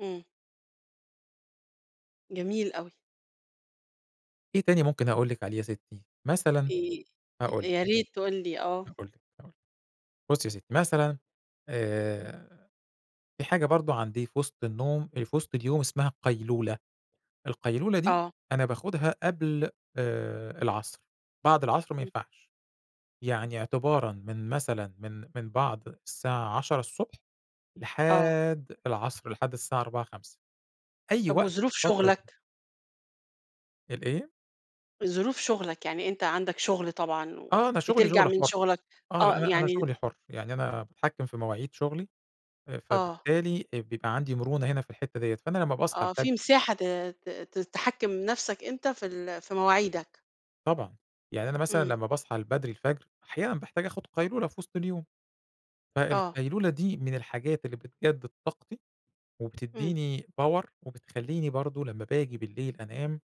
إمم. جميل أوي. إيه تاني ممكن أقول لِك عليه يا سِتّي؟ مثلًا إي هاقول يا لِك ريت تقول لي آه. هاقول لِك هاقول لِك، بُصّي يا سِتّي، مثلًا آآ، في حاجة برضو عندي في وِسْط النوم في وسْط اليوم اسمها قَيْلُولَة، القَيْلُولَة دي آه. أنا باخدها قبل آآ، العصر، بعد العصر ما إمم. ينفعش. يعني اعتبارًا من مثلًا من من بعد الساعة 10:00 ص آه. لحد العصر، لحد الساعة 16:00، 17:00، أي طب وقت في وظُروف الفترة دي. شغلك؟ الإيه؟ ظُروف شغلك يعني أنت عندك شُغل طبعًا، آه أنا شغلي وبترْجع شغل من حُر، شُغلك آه آه لأ أنا أنا يعني شغلي حُر يعني أنا باتحكم في مواعيد شغلي، آآ آه. فبالتالي آآ بيبقى عندي مرونة هنا في الحتة ديّة، فأنا لمّا باصحى آه في الفجر مساحة ت ت ت تحكِّم نّفسك أنت في ال في مواعيدك. طبعًا يعني أنا مثلًا إمم. لمّا باصحى البدْري الفجر أحيانًا باحتاج آخد قَيْلُولَة في وسْط اليوم، آه. فالقَيْلُولَة دي من الحاجات اللي بتجدِّد طاقتي إمم. وبِتدّيني power وبتخليني برضو لمّا باجي بالليل أنام،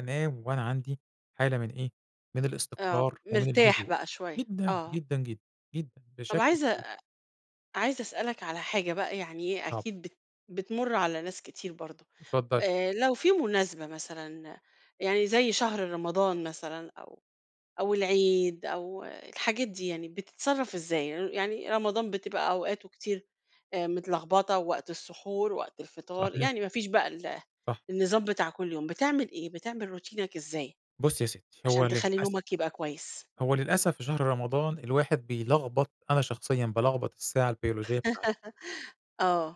أنام وأنا عندي حالة من إيه، من آه الاستقرار ومن مرْتاح الهدوء، بقى شوية، جدًا، آه. جدًا، جدًا، جدًا طَب بِشكْل عايزة كبير. أ عايزة أسألك على حاجة بقى يعني [unintelligible] أكيد بت بتْمُر على ناس كتير برضو، اتفضّلي. آآ، لو في مناسْبة مثلًا يعني زي شهر رمضان مثلًا أو أو العيد أو الحاجات دي يعني، بتتصرف إزاي؟ ي يعني رمضان بتبقى أوقاته كتير آآ، متْلخْبطه ووقْت السُحُور وقت الفطار، صحيح. يعني ما فيش بقى ال صح. النظام بتاع كُلّ يوم، بتعمل إيه؟ بتعمل روتينك إزاي، بُصي يا سِتّي، هو عشان تخلي للأسف، نوْمك يبقى كويس؟ هو للأسف في شهر رمضان الواحد بيْلخْبط أنا شخصيًا بالخْبط الساعة البيولوجية بتاعتي. آه.